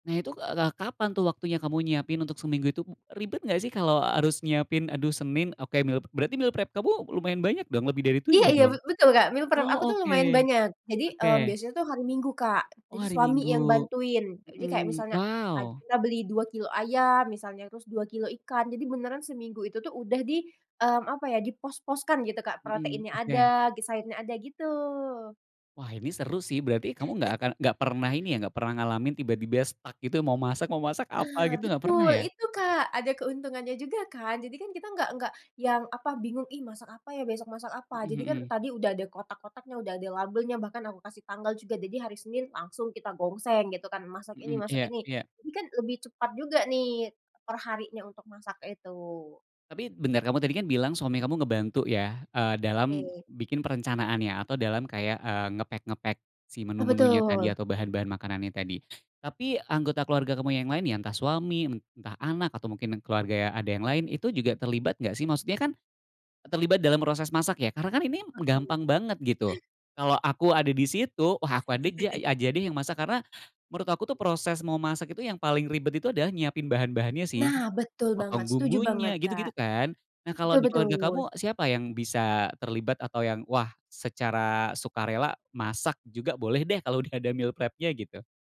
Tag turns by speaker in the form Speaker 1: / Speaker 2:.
Speaker 1: Nah itu, k eee, ka kapan tuh waktunya kamu nyiapin untuk seminggu itu, ribet enggak sih kalo harus nyiapin aduh Senin, oke meal pe berarti meal prep kamu lumayan banyak dong, lebih dari
Speaker 2: Iya
Speaker 1: 7
Speaker 2: iya
Speaker 1: dong?
Speaker 2: be betul, Kak, meal prep aku
Speaker 1: Oh,
Speaker 2: tuh
Speaker 1: oke
Speaker 2: lumayan banyak. Jadi, eee,
Speaker 1: oke.
Speaker 2: biasanya tuh hari Minggu, Kak.
Speaker 1: Oh,
Speaker 2: Jadi
Speaker 1: hari
Speaker 2: suami yang
Speaker 1: Minggu,
Speaker 2: bantuin. Jadi kayak
Speaker 1: mmm,
Speaker 2: misalnya pagi
Speaker 1: wow.
Speaker 2: kita beli 2 kilogram ayam misalnya, terus 2 kilogram ikan, jadi beneran seminggu itu tuh udah di, mmm, apa ya, di pos-pos kan gitu, Kak,
Speaker 1: Mmm,
Speaker 2: proteinnya
Speaker 1: oke.
Speaker 2: ada, gi sayurnya ada gitu.
Speaker 1: Wah ini seru sih, berarti kamu enggak akan enggak pernah ini ya, enggak pernah ngalamin tiba-tiba stuck gitu, mau masak masak apa
Speaker 2: Nah
Speaker 1: gitu, gak pernah
Speaker 2: betul,
Speaker 1: ya?
Speaker 2: itu, Kak. Ada keuntungannya juga kan. Jadi kan kita nggak nggak yang apa bingung, "Ih masak apa ya, besok masak apa?"
Speaker 1: Mmm,
Speaker 2: Jadi kan
Speaker 1: mhm.
Speaker 2: tadi udah ada kotak kotaknya, udah ada labelnya, bahkan aku kasih tanggal juga. Jadi hari Senin langsung kita gongseng gitu kan, masak ini
Speaker 1: Mhm,
Speaker 2: masak
Speaker 1: iya
Speaker 2: ini.
Speaker 1: iya.
Speaker 2: Jadi kan lebih cepat juga nih per harinya untuk masak itu.
Speaker 1: Tapi bentar, kamu tadi kan bilang suami kamu ngebantu ya, eee, dalam
Speaker 2: Oke.
Speaker 1: bikin perencanaan ya atau dalam kayak, eee, nge-pack nge-pack si
Speaker 2: Ah,
Speaker 1: menu-menunya tadi
Speaker 2: betul.
Speaker 1: atau bahan-bahan makanan yang tadi. Tapi anggota keluarga kamu yang lain ya entah suami, entah anak, atau mungkin keluarga ada yang lain itu juga terlibat enggak sih? Maksudnya kan terlibat dalam proses masak ya, karena kan ini m
Speaker 2: Oke.
Speaker 1: gampang banget gitu. Kalo aku ada di situ, wah aku ada ja ya aja deh yang masak, karena menurut aku tuh proses memasak itu yang paling ribet itu adalah nyiapin bahan-bahannya sih.
Speaker 2: Nah, betul banget,
Speaker 1: Motong
Speaker 2: setuju
Speaker 1: bumbunya,
Speaker 2: banget, Kak.
Speaker 1: gitu-gitu kan. Nah kalo
Speaker 2: Betul
Speaker 1: di keluarga
Speaker 2: betul.
Speaker 1: kamu, siapa yang bisa terlibat atau yang wah, secara sukarela masak juga boleh deh kalo udah ada meal prep-nya gitu?